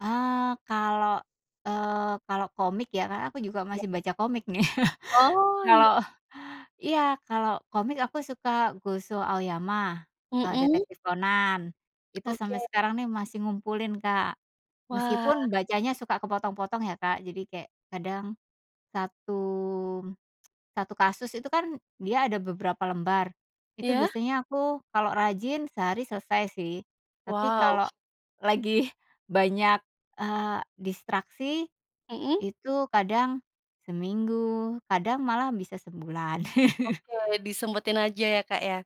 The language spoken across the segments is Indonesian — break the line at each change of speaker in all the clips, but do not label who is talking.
Eee, kalau, eee, kalau komik, ya, karena aku juga
Iya.
masih baca komik nih.
Oh, iya.
Kalau iya, kalau komik, aku suka Gosho, Aoyama, e
Mhm.
Detektif Conan, itu sampai
Oke.
sekarang nih, masih ngumpulin Kak.
Wah.
Meskipun, bacanya suka kepotong-potong ya, Kak, jadi kayak, kadang, satu satu kasus itu kan, dia ada beberapa lembar, itu
Iya?
biasanya aku kalau rajin, sehari selesai sih. Tapi,
Wow.
kalau lagi banyak, eee, distraksi,
Mhm?
itu kadang seminggu, kadang malah bisa sebulan.
Oke, disempetin aja ya, Kak, ya?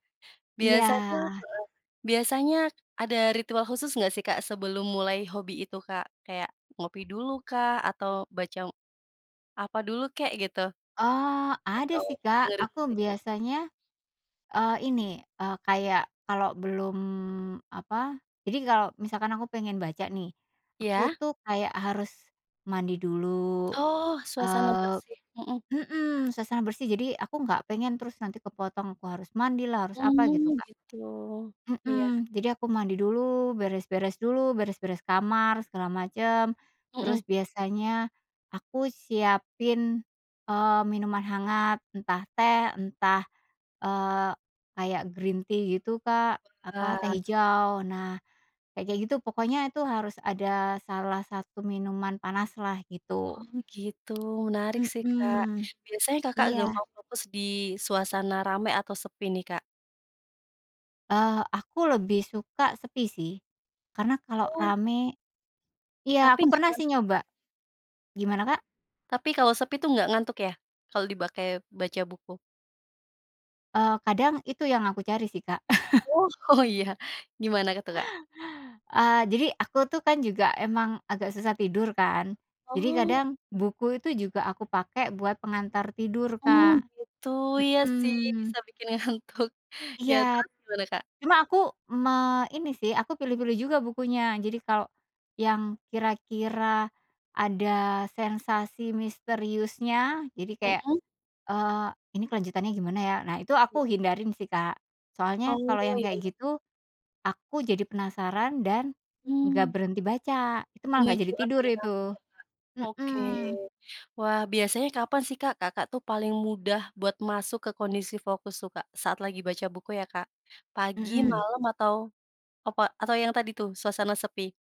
Biasanya
Iya.
heeh, biasanya ada ritual khusus nggak sih Kak, sebelum mulai hobi itu Kak? Kayak, ngopi dulu kah? Atau, baca apa dulu kek, gitu?
Eee, ada
Atau,
sih Kak,
dengerin
aku
musik?
biasanya, eee, ini, eee, kayak, kalau belum, apa, jadi kalau misalkan aku pengen baca nih. Aku
Iya?
tuh, kayak harus, mandi dulu,
Oh, suasana
eee
bersih mhm.
mhm, suasana bersih, jadi, aku nggak pengen terus nanti kepotong, aku harus mandilah, harus apa, gitu
Mmm,
Kak.
gitu? Iya.
Mhm, jadi aku mandi dulu, beres-beres dulu, beres-beres kamar, segala macam.
Mhm.
Terus, biasanya aku siapin, eee, minuman hangat, entah teh, entah, eee, kayak green tea, gitu Kak, apa, teh
Wah.
hijau. Nah, kayak-kayak gitu, pokoknya, itu harus ada salah satu minuman panaslah, gitu.
Oh, gitu? Menarik sih Kak,
Mhm,
biasanya Kakak
iya.
gampang fokus di suasana ramai, atau, sepi nih, Kak?
Eee, aku lebih suka sepi sih. Karena, kalau
Oh.
rame iya,
Tapi
aku
nggak
pernah
terlalu
sih nyoba
cepat?
gimana Kak?
Tapi kalau sepi tuh nggak ngantuk ya, kalau dipakai baca buku?
Eee, kadang itu yang aku cari sih Kak.
Oh oh iya, gimana itu Kak?
Eee, jadi, aku tuh kan, juga emang agak susah tidur, kan. Jadi,
Oh.
kadang buku itu juga aku pakai buat pengantar tidur
Mmm,
Kak.
gitu? Iya sih,
Mhm.
bisa bikin ngantuk, iya,
Iya.
terus gimana Kak?
Cuma aku, me ini sih, aku pilih-pilih juga bukunya. Jadi kalau, yang kira-kira ada sensasi misteriusnya, jadi kayak,
Mhm?
eee, "Ini kelanjutannya gimana ya?" nah, itu aku
Iya.
hindari sih Kak. Soalnya, kalau
Oh,
yang
iya
kayak
iya.
gitu, aku jadi penasaran dan, nggak
Mmm.
berhenti baca, itu malah nggak
Memicu
jadi tidur
adrenalin
itu
ya, Kak? Oke,
mhm.
wah, biasanya kapan sih Kak, Kakak tuh, paling mudah buat masuk ke kondisi fokus tuh, Kak, saat lagi baca buku ya, Kak, pagi,
Mhm.
malam, atau apa, atau yang tadi tuh, suasana sepi?